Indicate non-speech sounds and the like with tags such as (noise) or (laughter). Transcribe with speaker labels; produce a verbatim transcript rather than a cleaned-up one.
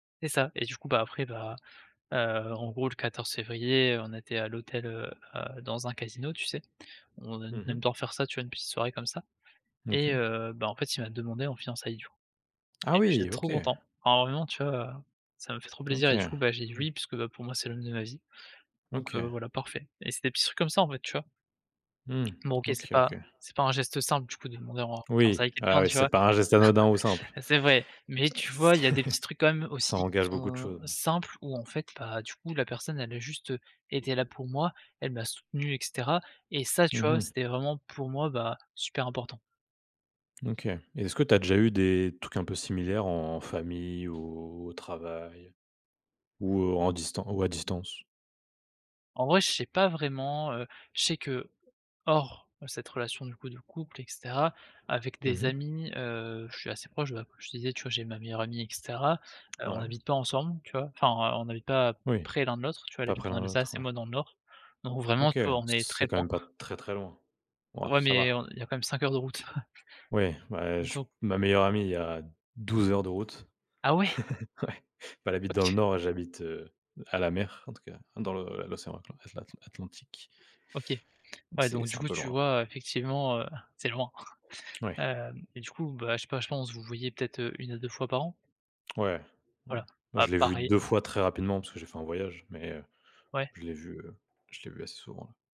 Speaker 1: C'est ça et du coup bah, après bah heu, en gros, le quatorze février on était à l'hôtel, heu, à dans un casino tu sais, on ai
Speaker 2: Mmh
Speaker 1: aime
Speaker 2: mh.
Speaker 1: bien faire ça, tu vois? Une petite soirée comme ça et
Speaker 2: OK.
Speaker 1: heu, bah, en fait il m'a demandé en fiançailles du coup, et
Speaker 2: Ah
Speaker 1: j'étais
Speaker 2: oui!
Speaker 1: trop
Speaker 2: OK.
Speaker 1: content, énormément tu vois? Heu, ça m'a fait trop plaisir
Speaker 2: OK,
Speaker 1: et du
Speaker 2: ouais.
Speaker 1: coup bah, j'ai dit: «Oui» puisque bah pour moi, c'est l'homme de ma vie, donc heu,
Speaker 2: OK.
Speaker 1: voilà, parfait, et c'est des petits trucs comme ça en fait tu vois?
Speaker 2: Mmh,
Speaker 1: Bon, OK, c'est
Speaker 2: OK,
Speaker 1: pas
Speaker 2: OK.
Speaker 1: c'est pas un geste simple, du coup, de demander en
Speaker 2: Oui.
Speaker 1: fiançailles
Speaker 2: Ah
Speaker 1: quelqu'un,
Speaker 2: oui
Speaker 1: tu
Speaker 2: c'est
Speaker 1: vois?
Speaker 2: pas un geste anodin ou simple,
Speaker 1: (chuckles) C'est vrai, mais tu vois? Il
Speaker 2: c'est
Speaker 1: y a des petits trucs, quand même,
Speaker 2: ça
Speaker 1: aussi, qui
Speaker 2: engage beaucoup de
Speaker 1: sont
Speaker 2: choses, oui.
Speaker 1: simples, où en fait, bah, du coup, la personne, elle a juste été là pour moi, elle m'a soutenu, et cetera, et ça, tu
Speaker 2: Mmh
Speaker 1: vois?
Speaker 2: mh.
Speaker 1: C'était vraiment, pour moi, bah, super important.
Speaker 2: OK, et est-ce que tu as déjà eu des trucs un peu similaires en famille, ou au travail, ou en distan ou à distance?
Speaker 1: En vrai, je sais pas vraiment, heu, je sais que hors cette relation du coup de couple et cetera, avec
Speaker 2: Mmh
Speaker 1: des
Speaker 2: mh.
Speaker 1: amis, heu, je suis assez proche bah comme je te disais tu vois? J'ai ma meilleure amie et cetera, heu, on
Speaker 2: Ouais.
Speaker 1: n'habite pas ensemble tu vois? Enfin on on habite pas
Speaker 2: Oui.
Speaker 1: près l'un de l'autre, tu vois? Elle
Speaker 2: Pas
Speaker 1: habite
Speaker 2: près
Speaker 1: en
Speaker 2: l'un de l'autre,
Speaker 1: Alsace et
Speaker 2: ouais.
Speaker 1: moi dans le Nord, donc vraiment
Speaker 2: OK,
Speaker 1: tu vois? On est très
Speaker 2: c'est quand
Speaker 1: loin.
Speaker 2: même pas très, très loin. Ouah,
Speaker 1: Ouais,
Speaker 2: ça
Speaker 1: mais
Speaker 2: va.
Speaker 1: on il y a quand même cinq heures de route. (chuckles)
Speaker 2: Oui, bah je
Speaker 1: Do
Speaker 2: ma meilleure amie il y a douze heures de route.
Speaker 1: Ah, ouais!
Speaker 2: (chuckles) Ouais, bah, elle habite dans le
Speaker 1: OK.
Speaker 2: Nord, j'habite, heu, à la mer en tout cas, dans l'o l'océan atl atlan atlan Atlantique.
Speaker 1: OK,
Speaker 2: Donc,
Speaker 1: ouais,
Speaker 2: c'est
Speaker 1: donc
Speaker 2: c'est
Speaker 1: du
Speaker 2: un
Speaker 1: coup
Speaker 2: peu
Speaker 1: tu
Speaker 2: loin, ouais.
Speaker 1: vois? Heu, effectivement, heu, c'est loin. (chuckles)
Speaker 2: Ouais.
Speaker 1: Heu, et du coup bah, je sais pas, je pense vous vous voyez peut-être une à deux fois par an?
Speaker 2: Ouais, ouais.
Speaker 1: Voilà,
Speaker 2: Bah,
Speaker 1: bah,
Speaker 2: je l'ai vue
Speaker 1: pareil.
Speaker 2: deux fois très rapidement parce que j'ai fait un voyage, mais heu,
Speaker 1: Ouais.
Speaker 2: je l'ai vu, heu, je l'ai vue assez souvent ouais.